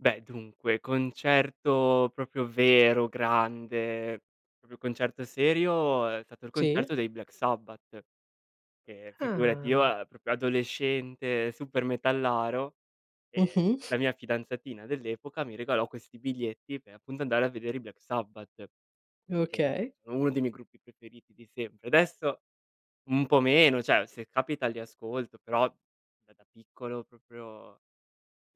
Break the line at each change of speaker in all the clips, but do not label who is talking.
Beh, dunque, concerto proprio vero, grande, proprio concerto serio, è stato il
Sì.
concerto dei Black Sabbath. Che figurati io
Ah.
a proprio adolescente, supermetallaro e
Mh-mh.
la mia fidanzatina dell'epoca mi regalò questi biglietti, pe' appunto andare a vedere i Black Sabbath. Che
Okay.
sono uno dei miei gruppi preferiti di sempre. Adesso un po' meno, cioè se capita li ascolto, però, da da piccolo, proprio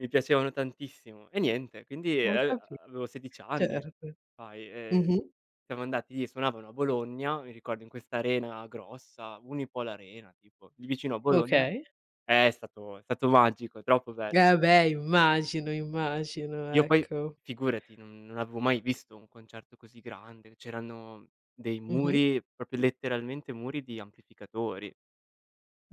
mi piacevano tantissimo. E niente, quindi,
Ho
ehm,
capi
avevo 16 anni
certo,
fai, ehm,
mh-mh.
siamo andati suonavano a Bologna, mi ricordo in questa arena grossa, Unipol Arena tipo, lì vicino a Bologna,
Okay.
è stato è stato magico, è troppo bell
Eh, beh immagino, immagino
Io poi
ecco.
figurati, non non avevo mai visto un concerto così grande, c'erano dei
Mh-mh.
muri, proprio letteralmente muri, di amplificatori.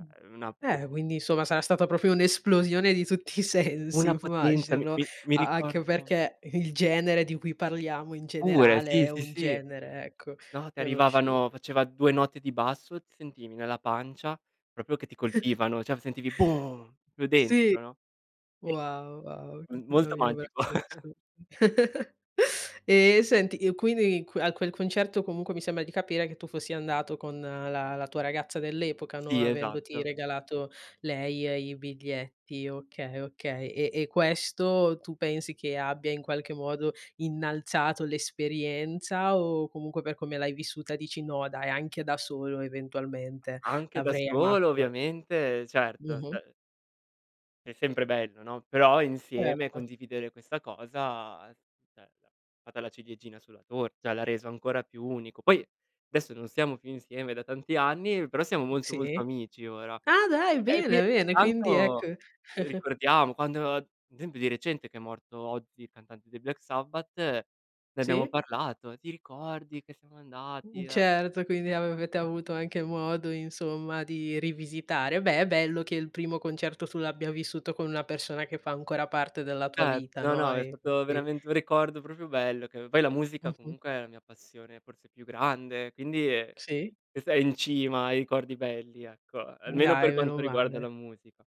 Mh,
una
beh, quindi insomma sarà stata proprio un'esplosione di tutti i sensi
una potenza, mi
immagino,
mi mi
a anche
ricordo
perché il genere di cui parliamo in
Pure,
generale
sì,
è
sì,
un
sì.
genere, ecco,
No, ti
conosciuto.
arrivavano faceva 2 note di basso, sentivi nella pancia proprio che ti colpivano, cioè v sentivi boom proprio
Sì,
dentro, no. E
wow, wow,
m molto magico.
[unintelligible] Ehm, e senti, i quindi q a quel concerto, comunque mi sembra di capire che tu fossi andato con la la tua ragazza dell'epoca, no,
Sì,
avendoti
esatto.
regalato lei, ehm, i biglietti, okay, okay. E e questo tu pensi che abbia in qualche modo innalzato l'esperienza, o comunque per come l'hai vissuta dici: "No, dai, anche da solo eventualmente,
Anche da
l'avrei amato
solo
ugualme"
ovviamente, certo
Mh-mh.
f è sempre bello, no, però insieme,
Certo.
condividere questa cosa [unintelligible] è stata la ciliegina sulla tor cioè l'ha reso ancora più unico. Poi adesso non stiamo più insieme da tanti anni, però siamo molto, molto
Sì.
amici ora.
Ah dai,
[unintelligible]
bene, bene, quindi
tanto,
ecco
uhm, ricordiamo, quando d'esempio di recente, che è morto Ozzy, il cantante dei Black Sabbath, ne abbiamo
Sì.
parlato: "Ti ricordi che siamo andati,
Mh,
eh"
certo, quindi avete avuto anche modo insomma di rivisitare. Beh, è bello che il primo concerto tu l'abbia vissuto con una persona che fa ancora parte della tua
Cert
vita,
no,
no,
no, è
e con
stato
cui
veramente un ricordo proprio bello, che poi la musica
Mh-mh.
comunque è la mia passione forse più grande, quindi, ehm,
Sì.
[unintelligible] è in cima ai ricordi belli ecco, a
Mh,
almeno per
dai,
quanto
meno
riguarda la
male.
musica.